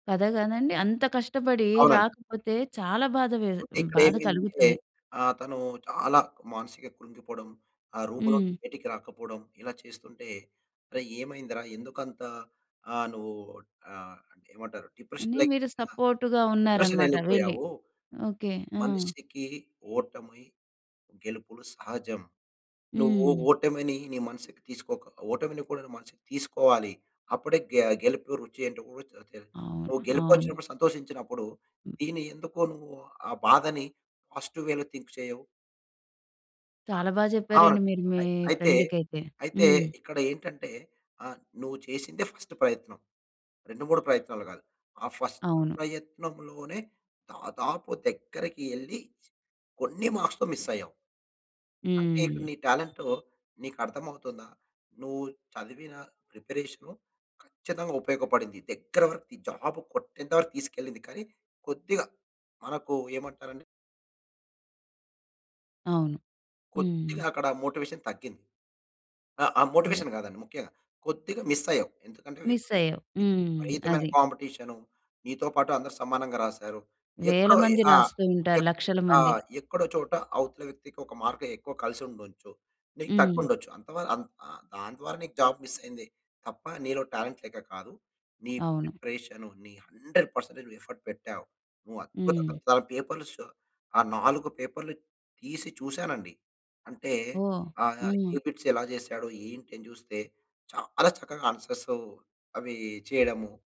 కథ గదండీ. అంత కష్టపడి అవునండి. రాకపోతే చాలా బాధ వే అంటే హ్మ్. ఇక్కడ బాధ ఏమైందంటే, కలుగుతుంది. ఆహ్, తను చాలా మానసిక కృంగిపోడం, ఆ రూమ్‌లో హ్మ్. బయటికి రాకపోడం ఇలా చేస్తుంటే అరే! ఏమైందిరా? ఎందుకు అంత ఆహ్, నువ్వు ఆహ్, ఏమంటారు డిప్రెషన్ అని లైక్ మీరు ఆ! సపోర్ట్‌గా "డిప్రెషన్ ఉన్నారన్నమాట వెళ్ళి. యెళ్ళిపోయావు. ఓకే. ఆ! మనిషికి ఓటమై గెలుపులు సహజం. నువ్వు హ్మ్. ఓటమిని నీ మనసుకి తీసుకోక ఓటమిని కూడా మనసుకి తీసుకోవాలి. అప్పుడే గె గెలుపు రుచి ఏంటో ఊ చ తే అవును. నువ్వు గెలుపు అవును. వచ్చినప్పుడు సంతోషించినప్పుడు, దీన్ని ఎందుకు నువ్వు ఆ బాధని పాజిటివ్ వేలో థింక్ చేయవు?" ఆ! చాలా బా ఆ! చెప్పారండి మీరు మీ అయి అయితే, ఫ్రెండ్‌కైతే. అయితే హ్మ్. ఇక్కడ ఏంటంటే ఆహ్, "నువ్వు చేసిందే ఫస్ట్ ప్రయత్నం, 2, 3 ప్రయత్నాలు కాదు. ఆ ఫస్ట్ అవును. ప్రయత్నం‌లోనే దాదాపు దగ్గరికి యెళ్లి కొన్ని మార్క్స్‌తో మిస్ అయ్యావు." "అంటే ఇక్కడ హ్మ్. నీ టాలెంటు నీకర్థం అవుతుందా? నువ్వు చదివిన ప్రిపరేషను ఖచ్చితంగా ఉపయోగపడింది. దగ్గర వరకు ఈ జాబ్ కొట్టేంత వరకు తీసుకెళ్లింది." కానీ కొద్దిగా మనకు ఏమంటారండి అవును. కొద్దిగా హ్మ్. అక్కడ మోటివేషన్ తగ్గింది. ఆహ్, ఆ అదే. మోటివేషన్ కాదండి. ముఖ్యంగా కొద్దిగా మిస్ అయ్యావు. ఎందుకంటే, మిస్ విపరీ అయ్యావు. హ్మ్. విపరీతమైన అది. కాంపిటీషను. నీతో పాటు అందరు సమానంగా రాసారు. వేల ఎక్కడో మంది ఆ! రాస్తుంటారు. ఎక్ లక్షల ఆ! మంది. ఎక్కడో చోట అవతల వ్యక్తికి ఒక మార్క్ ఎక్కువ కలిసి ఉండొచ్చు. నీకు తక్కువ హ్మ్. ఉండొచ్చు. అంతావ అంత్ ఆ! దాని ద్వారా నీకు జాబ్ మిస్ అయింది, తప్ప నీలో టాలెంట్ లేక కాదు. నీ అవును. ప్రిపరేషను నీ ‌‌‌ 100% నువ్వు ఎఫర్ట్ పెట్టావు. నువ్వు అద్భుత హ్మ్. చాలా పేపర్‌లు స ఆ 4 పేపర్‌లు తీసి చూసానండి. అంటే, ఓహ్! ఆహ్, ఏ ఆ! బిట్స్ ఎలా చేశాడో ఆహ్, ఏంటని చూస్తే చాలా చక్కగా ఆన్సర్స్ అవి చేయడము.